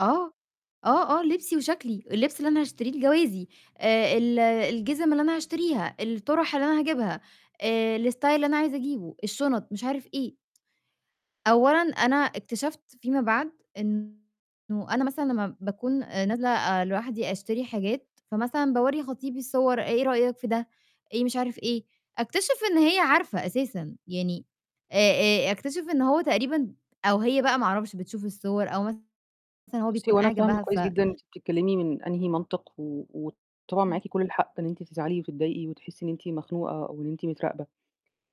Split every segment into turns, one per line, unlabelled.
آه. آه، آه لِبسي وشَكلي، اللِبس اللي أنا هاشتريه لجوازي آآ ال الجزم اللي أنا هاشتريها، الطُّرح اللي أنا هاجيبها آآ الstyle اللي أنا عايزة أجيبه، الشُنط، مش عارف إيه. أولًا، أنا اكتشفت فيما بعد إنه أنا مثلًا لمّا باكون آآ نازلة آآ لوحدي أشتري حاجات، فمثلًا باورّي خطيبي الصور "إيه رأيك في ده، إيه مش عارف إيه" أكتشف إن هي عارفة أساسًا. يعني آآ آآ أكتشف إن هو تقريبًا، أو هي بقى ما أعرفش، بتشوف الصور أو مثلًا هو
بُصي
بيكون
هو أنا
قاعد
فاهمة
جنبها ف
كويس جدًا أنتِ بتتكلمي من أنهي منطق و وطبعا
امم.
معاك كل الحق إن أنت تزعلي وتتضايقي وتحسّي إن أنتِ مخنوقة أو إن أنتِ متراقبة.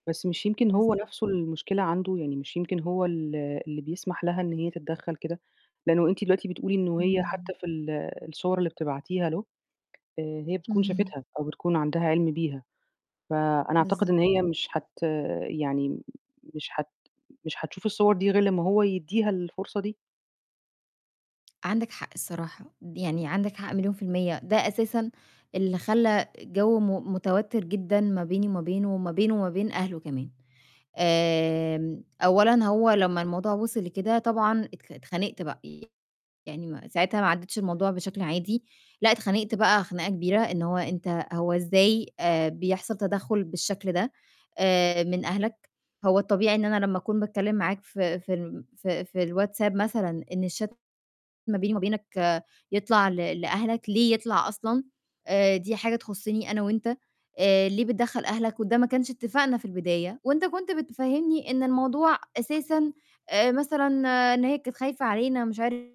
بس مش يمكن
بالض
هو نفسه المشكلة عنده، يعني مش يمكن هو ال اللي بيسمح لها إن هي تتدخل كده. لأنه أنتِ دلوقتي بتقولي إن وهي
اهم.
حتى في ال الصور اللي بتبعتيها له، هي بتكون
اهم.
شافتها، أو بتكون عندها عِلم بيها فأنا أعتقد
بالضبط.
إن هي مش حت يعني مش حت مش هتشوف الصور دي غير لمّا هو يدّيها الفرصة دي.
عندِك حق الصراحة، يعني عندِك حق مليون في المِيّة ده أساسًا اللي خلّى الجو م متوتر جدًا ما بيني وما بينه، وما بينه وما بين أهله كمان. آمم أولًا هو لمّا الموضوع وصل لكده طبعًا ات اتخانِقت بق يعني م ساعتها ما عدتش الموضوع بشكل عادي لأ، اتخانقت بقى خناقة كبيرة إن هو أنت هو إزاي بيحصل تدخّل بالشكل ده آآ من أهلك؟ هو الطبيعي إن أنا لمّا أكون باتكلم معاك ف في ال ف في الWhatsApp مثلًا إن الchat ما بيني وما بينك يطلع ل لأهلك ليه يطلع أصلًا آآ دي حاجة تخُصّني أنا و أنت آآ ليه بتدخل أهلك وده ما كانش إتفاقنا في البداية وأنت كنت بتفهّمني إن الموضوع أساسًا آآ مثلًا إن هي كانت خايفة علينا ومش عارف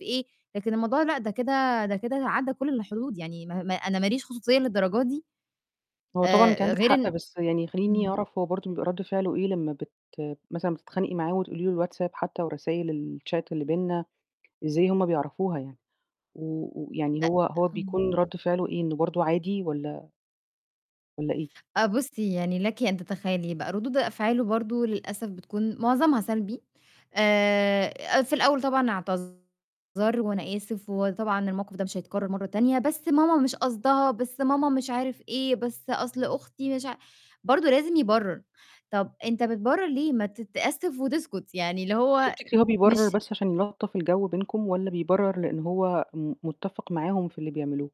إيه، لكن الموضوع لأ، ده كده ده كده عدّى كل الحدود، يعني أنا ما ليش خصوصية للدرجة دي؟!
هو طبعًا أنتِ
آآ
عندِك
غير
حق،
إن
بس يعني خلّيني
إمم.
أعرف هو برضه بيبقى رد فعله ايه لمّا بت مثلًا بتتخانقي معاه وتقولي له الWhatsApp حتى ورسايل الchat اللي بيننا إزاي هُم بيعرفوها يعني و ويعني
أ
هو هو
امم.
بيكون رد فعله إيه إنه برضه عادي والّا والّا إيه؟
آه، بُصّي يعني لكِ أن تتخيلي بقى، ردود أفعاله برضه للأسف بتكون معظمها سلبي آآ في الأول طبعًا اعتذر و "أنا آسف، وطبعًا الموقف ده مش هيتكرر مرة تانية، بس ماما مش قصدها، بس ماما مش عارف إيه بس أصل أختي مش عا" برضه لازم يبرر، طَب "أنت بتبرر ليه، ما تتأسف وتسكت" يعني اللي هو
تفتكري إن هو بيبرر
مش
بس عشان يلطّف الجو بينكم، والا بيبرر لأن هو م متّفق معاهُم في اللي بيعملوه؟